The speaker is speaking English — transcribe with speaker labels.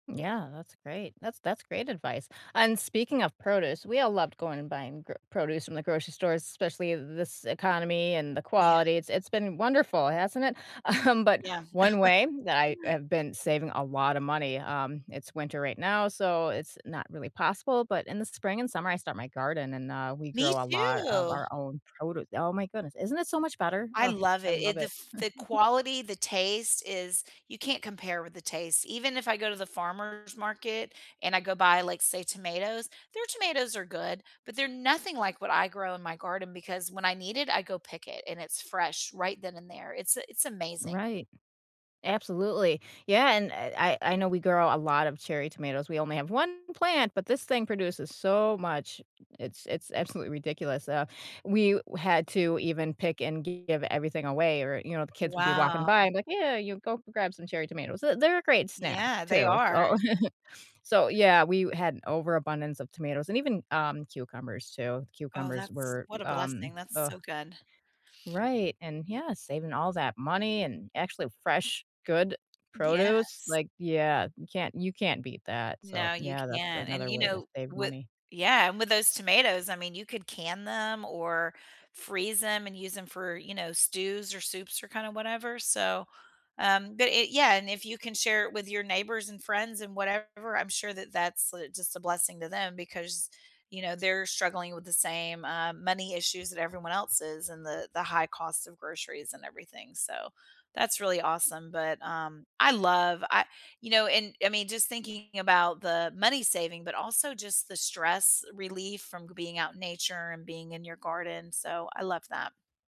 Speaker 1: Yeah, that's great. That's that's great advice, and speaking of produce, we all loved going and buying gr produce from the grocery stores, especially th this economy and the
Speaker 2: Yeah.
Speaker 1: quality, it's it's been wonderful, hasn't it? Um, but
Speaker 2: Yeah.
Speaker 1: 1 way that I have been saving a lot of money um, it's winter right now, so it's not really possible, but in the spring and summer, I start my garden, and, uh, we
Speaker 2: Me
Speaker 1: grow a lot of
Speaker 2: too.
Speaker 1: our own produce oh my goodness, isn't it so much better?
Speaker 2: I
Speaker 1: Oh,
Speaker 2: love
Speaker 1: I
Speaker 2: it,
Speaker 1: love
Speaker 2: it the
Speaker 1: it.
Speaker 2: f the quality, the taste is you can't compare with the taste. Even if I go to the farmer's market and I go buy, like, say, tomatoes, their tomatoes are good, but they're nothing like what I grow in my garden because when I need it, I go pick it and it's fresh right then and there, it's a it's amazing.
Speaker 1: Right, absolutely, yeah, and I I know we grow a lot of cherry tomatoes, we only have 1 plant, but this thing produces so much, it's it's absolutely ridiculous, uh, we had to even pick and give everything away, or, you know, the kids would be walking
Speaker 2: Wow.
Speaker 1: by and like, "Yeah, you go grab some cherry tomatoes," uh, they're a great snack
Speaker 2: Yeah, they
Speaker 1: too,
Speaker 2: are.
Speaker 1: so so yeah, we had an overabundance of tomatoes and even, um, cucumbers too.
Speaker 2: Oh,
Speaker 1: Cucumbers
Speaker 2: that's
Speaker 1: were,
Speaker 2: what a
Speaker 1: um,
Speaker 2: blessing, that's
Speaker 1: uh
Speaker 2: so good.
Speaker 1: Right, and yeah, saving all that money and actually fresh good produce,
Speaker 2: Yes.
Speaker 1: like, yeah, you can't you can't beat that. So
Speaker 2: No, you
Speaker 1: yeah, that's
Speaker 2: can't, and,
Speaker 1: another
Speaker 2: you
Speaker 1: way to
Speaker 2: know,
Speaker 1: save
Speaker 2: with
Speaker 1: money.
Speaker 2: yeah, and with those tomatoes, I mean, you could can them or freeze ‘em and use ‘em for, you know, stews or soups or kind of whatever. So, um, but, eh, yeah, and if you can share it with your neighbors and friends and whatever, I'm sure that that's, uh, just a blessing to them because, you know, they're struggling with the same, uh, money issues that everyone else is and the the high cost of groceries and everything, so, that's really awesome. But, um, I love I you know, and I mean, just thinking about the money saving, but also just the stress relief from being out in nature and being in your garden, so I love that.